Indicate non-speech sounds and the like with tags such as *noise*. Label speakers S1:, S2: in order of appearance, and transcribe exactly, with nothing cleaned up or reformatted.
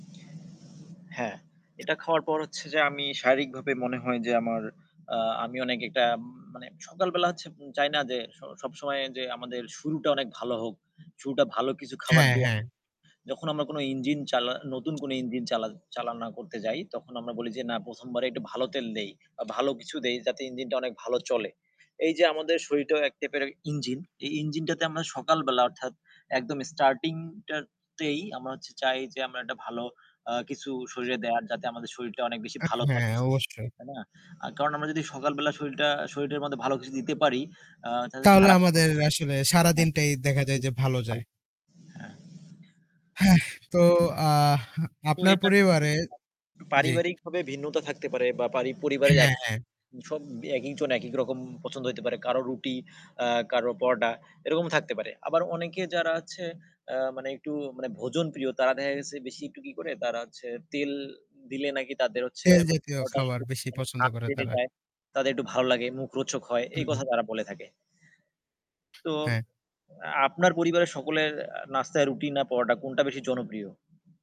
S1: হ্যাঁ। এটা খাওয়ার পর হচ্ছে যে আমি শারীরিকভাবে মনে হয় যে আমার আ আমি অনেক একটা মানে সকাল বেলা হচ্ছে চাই না যে স সবসময় যে আমাদের শুরুটা অনেক ভালো হোক। শুরুটা ভালো কিছু খাবার
S2: হ্যাঁ,
S1: দিয়ে
S2: হ্যাঁ।
S1: যখন আমরা কোনো ইঞ্জিন চালা নতুন কোনো ইঞ্জিন চালান চালনা করতে যাই তখন আমরা বলি যে না প্রথম বারে একটু ভালো তেল দেই বা ভালো কিছু দেই যাতে ইঞ্জিনটা অনেক ভালো চলে। এইযে আমাদের শরীরটাও এক টাইপের ইঞ্জিন। এই ইঞ্জিনটাতে আমরা সকালবেলা অর্থাৎ একদম স্টার্টিং টারতেই আমরা হচ্ছে চাই যে আমরা একটা ভালো আ কিছু শরীরে দেয়ার যাতে আমাদের শরীরটা অনেক বেশি
S2: আ
S1: ভালো
S2: হ্যাঁ,
S1: থাকে।
S2: অবশ্যই।
S1: তাই না? আ কারণ আমরা যদি সকালবেলা শরীরটা শরীটার মধ্যে ভালো কিছু দিতে পারি আ তাহলে তো
S2: তাহলে
S1: সারা
S2: আমাদের আসলে
S1: হ্যাঁ,
S2: সারাদিনটাই দেখা যায় যে
S1: *unintelligible*
S2: ভালো যায়।
S1: হ্যাঁ।
S2: হেহ, তো আহ
S1: তো
S2: আপনার
S1: এটা
S2: পরিবারে
S1: কিন্তু
S2: জ্বী।
S1: পারিবারিকভাবে ভিন্নতা থাকতে পারে বা পারি পরিবারের এক
S2: হ্যাঁ, হ্যাঁ।
S1: সব একিক জন একিক রকম পছন্দ হইতে পারে। কারো রুটি আ কারো পরোটা এরকম থাকতে পারে। আবার অনেকে যারা আছে আ মানে একটু মানে ভোজনপ্রিয় তারা দেখা গেছে বেশি একটু কি করে তারা হচ্ছে তেল দিলে নাকি তাদের হচ্ছে
S2: তেল জাতীয়
S1: পরোটা
S2: খাবার
S1: একটু
S2: বেশি পছন্দ করে
S1: *unintelligible*
S2: তারা।
S1: দেয়। তাদের একটু ভালো লাগে মুখরোচক হয় এই
S2: হুম।
S1: কথা তারা বলে থাকে। তো
S2: হ্যাঁ।
S1: আপনার পরিবারের সকলের আ নাস্তায় রুটি না পরোটা কোনটা বেশি জনপ্রিয়?